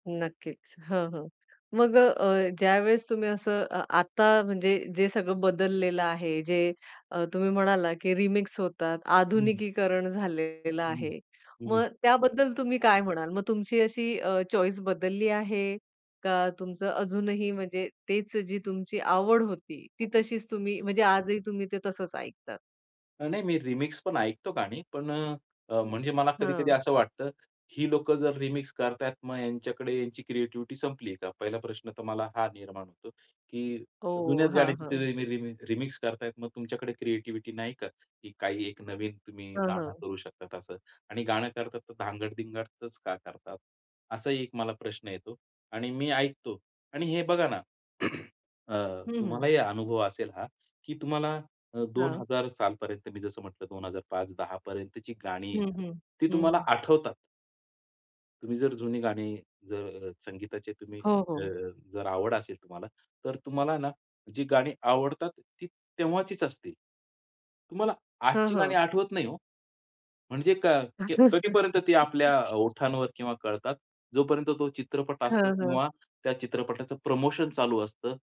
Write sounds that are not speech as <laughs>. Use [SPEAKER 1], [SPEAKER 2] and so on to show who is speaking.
[SPEAKER 1] नक्कीच. हां, हां. मग अ, ज्यावेळेस तुम्ही असं अ, आता म्हणजे जे सगळं बदललेलं आहे जे अ, तुम्ही म्हणालात की रिमिक्स होतात,
[SPEAKER 2] हं.
[SPEAKER 1] आधुनिकीकरण झालेलं
[SPEAKER 2] हं.
[SPEAKER 1] आहे.
[SPEAKER 2] हं.
[SPEAKER 1] मग त्याबद्दल तुम्ही काय म्हणाल मग तुमची अशी अ, चॉईस बदलली आहे? का तुमचं अजूनही म्हणजे तेच जी तुमची आवड होती ती तशीच तुम्ही म्हणजे आजही तुम्ही ते तसंच ऐकतात?
[SPEAKER 2] अ, नाही मी रिमिक्स पण ऐकतो गाणी. पण अ, म्हणजे मला कधी-कधी
[SPEAKER 1] हां.
[SPEAKER 2] असं वाटतं ही लोकं जर रिमिक्स करताहेत मग यांच्याकडे यांची क्रिएटिव्हिटी संपली का? पहिला प्रश्न तर मला हा निर्माण होतो. की जुन्याच
[SPEAKER 1] ओह! हां,
[SPEAKER 2] गाण्याची
[SPEAKER 1] हां.
[SPEAKER 2] रि रि रिमेक रिमिक्स करतायेत मग तुमच्याकडे क्रिएटिव्हिटी नाही का? की काही एक नवीन तुम्ही
[SPEAKER 1] हां,
[SPEAKER 2] गाणं
[SPEAKER 1] हां.
[SPEAKER 2] करू शकतात असं आणि गाणं करतात, तर धांगड-धिंगडच का करतात, असाही एक मला प्रश्न येतो आणि मी ऐकतो आणि हे बघा ना. <clears throat> अ,
[SPEAKER 1] हं, हं.
[SPEAKER 2] तुम्हालाही अनुभव असेल हा. की तुम्हाला अ, दोन
[SPEAKER 1] हां.
[SPEAKER 2] हजार सालपर्यंत मी जसं म्हटलं 2005 2010 पर्यंतची गाणी
[SPEAKER 1] हं,
[SPEAKER 2] आहे.
[SPEAKER 1] हं.
[SPEAKER 2] ती
[SPEAKER 1] हं,
[SPEAKER 2] तुम्हाला
[SPEAKER 1] हं.
[SPEAKER 2] आठवतात. तुम्ही जर जुनी गाणी जर संगीताची तुम्ही
[SPEAKER 1] हो,
[SPEAKER 2] अ,
[SPEAKER 1] हो.
[SPEAKER 2] जर आवड असेल तुम्हाला तर तुम्हाला ना जी गाणी आवडतात ती तेव्हाचीच असतील. तुम्हाला
[SPEAKER 1] हां,
[SPEAKER 2] आजची गाणी
[SPEAKER 1] हां.
[SPEAKER 2] आठवत नाही हो. म्हणजे क क्य कधीपर्यंत ती आपल्या
[SPEAKER 1] <laughs>
[SPEAKER 2] ओठांवर किंवा कळतात. जोपर्यंत तो चित्रपट असतो
[SPEAKER 1] हां, हां.
[SPEAKER 2] किंवा त्या चित्रपटाचं प्रमोशन चालू असतं.